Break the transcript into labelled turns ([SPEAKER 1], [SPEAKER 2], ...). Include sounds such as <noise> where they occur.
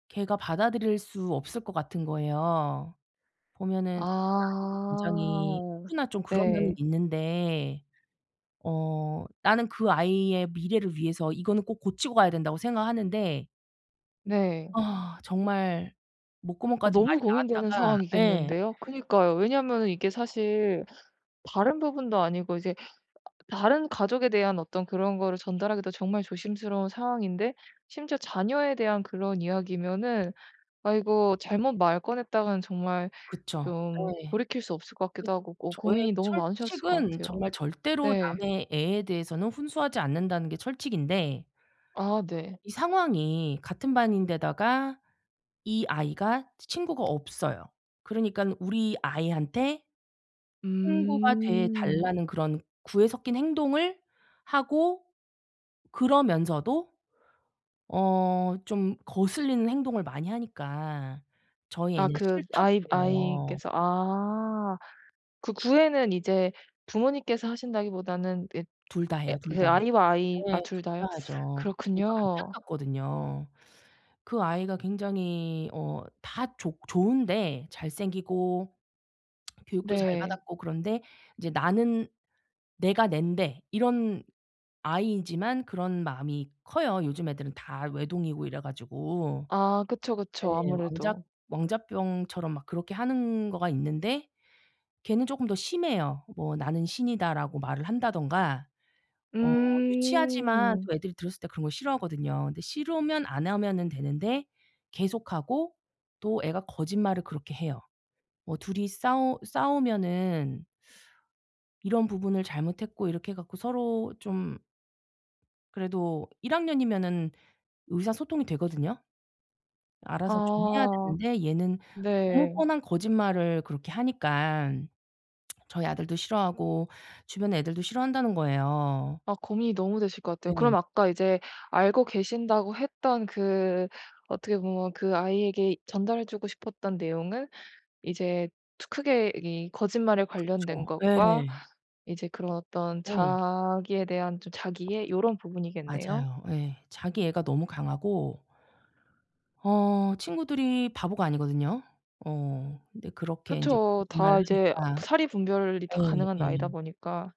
[SPEAKER 1] 걔가 받아들일 수 없을 것 같은 거예요. 보면은 <unintelligible> 굉장히
[SPEAKER 2] 아.
[SPEAKER 1] 누구나 좀 그런 면은
[SPEAKER 2] 예.
[SPEAKER 1] 있는데 어 나는 그 아이의 미래를 위해서 이거는 꼭 고치고 가야 된다고 생각하는데
[SPEAKER 2] 네.
[SPEAKER 1] 아 정말
[SPEAKER 2] 아
[SPEAKER 1] 목구멍까지 말이
[SPEAKER 2] 너무 고민되는
[SPEAKER 1] 나왔다가. 예.
[SPEAKER 2] 상황이겠는데요. 그니까요. 왜냐면은 이게 사실 다른 부분도 아니고 이제 다른 가족에 대한 어떤 그런 거를 전달하기도 정말 조심스러운 상황인데 심지어 자녀에 대한 그런 이야기면은 아 이거 잘못 말 꺼냈다가는 정말
[SPEAKER 1] 그쵸.
[SPEAKER 2] 좀
[SPEAKER 1] 네.
[SPEAKER 2] 돌이킬 수 없을 것
[SPEAKER 1] 그
[SPEAKER 2] 같기도 하고 어
[SPEAKER 1] 저의
[SPEAKER 2] 고민이 너무 많으셨을 것
[SPEAKER 1] 철칙은
[SPEAKER 2] 같아요.
[SPEAKER 1] 정말 절대로
[SPEAKER 2] 네.
[SPEAKER 1] 남의 애에 대해서는 훈수하지 않는다는 게 철칙인데
[SPEAKER 2] 아 네.
[SPEAKER 1] 이 상황이 같은 반인데다가 이 아이가 치 친구가 없어요. 그러니깐 우리 아이한테 친구가 돼
[SPEAKER 2] 음.
[SPEAKER 1] 달라는 그런 구애 섞인 행동을 하고 그러면서도 어 좀 거슬리는 행동을 많이 하니까 저희
[SPEAKER 2] 아
[SPEAKER 1] 애는
[SPEAKER 2] 그 아이,
[SPEAKER 1] 싫다고요.
[SPEAKER 2] 아이께서 아. 그 구애는 이제 부모님께서 하신다기보다는 그
[SPEAKER 1] 둘 다
[SPEAKER 2] 애
[SPEAKER 1] 해요 둘
[SPEAKER 2] 그
[SPEAKER 1] 다.
[SPEAKER 2] 아이와 아이 아
[SPEAKER 1] 네.
[SPEAKER 2] 둘
[SPEAKER 1] 둘
[SPEAKER 2] 다요?
[SPEAKER 1] 다 하죠. 저도
[SPEAKER 2] 그렇군요.
[SPEAKER 1] 안타깝거든요. 그 아이가 굉장히 어 다 좋 좋은데 잘생기고 <smacks lips> 교육도 잘
[SPEAKER 2] 네.
[SPEAKER 1] 받았고 그런데 이제 나는 내가 낸데 이런 아이이지만 그런 마음이 커요. 요즘 애들은 다 외동이고 이래 가지고.
[SPEAKER 2] 아 그쵸.
[SPEAKER 1] 네.
[SPEAKER 2] 그쵸.
[SPEAKER 1] 왕자
[SPEAKER 2] 아무래도.
[SPEAKER 1] 왕자병처럼 막 그렇게 하는 거가 있는데 걔는 조금 더 심해요. 뭐 "나는 신이다."라고 말을 한다든가 어 유치하지만
[SPEAKER 2] 음.
[SPEAKER 1] 또 애들이 들었을 때 그런 거 싫어하거든요. 근데 싫으면 안 하면은 되는데 계속 하고 또 애가 거짓말을 그렇게 해요. 뭐 둘이 싸우 싸우면은 <sucks teeth> 이런 부분을 잘못했고 이렇게 해 갖고 서로 좀 그래도 1 학년이면은 의사소통이 되거든요. 알아서 좀 해야
[SPEAKER 2] 아.
[SPEAKER 1] 되는데 얘는 너무
[SPEAKER 2] 네.
[SPEAKER 1] 뻔한 거짓말을 그렇게 하니깐 <smacks lips> 저희 아들도 싫어하고 주변 애들도 싫어한다는 거예요.
[SPEAKER 2] 아 고민이 너무 되실 것 같아요. 그럼
[SPEAKER 1] 네.
[SPEAKER 2] 아까 이제 알고 계신다고 했던 그 어떻게 보면 그 아이에게 전달해주고 싶었던 내용은 이제 트 크게 이게 거짓말에 관련된
[SPEAKER 1] 그쵸. 예.
[SPEAKER 2] 것과 이제 그런 어떤
[SPEAKER 1] 예.
[SPEAKER 2] 자기에 대한 좀 자기애 이런 부분이겠네요.
[SPEAKER 1] 맞아요. 예. 자기애가 너무 강하고 어 친구들이 바보가 아니거든요. 어 근데 그렇게 인제
[SPEAKER 2] 그쵸.
[SPEAKER 1] 거짓말을
[SPEAKER 2] 다 이제
[SPEAKER 1] 하니까.
[SPEAKER 2] 사리분별이 다
[SPEAKER 1] 예.
[SPEAKER 2] 가능한 나이다
[SPEAKER 1] 예.
[SPEAKER 2] 보니까.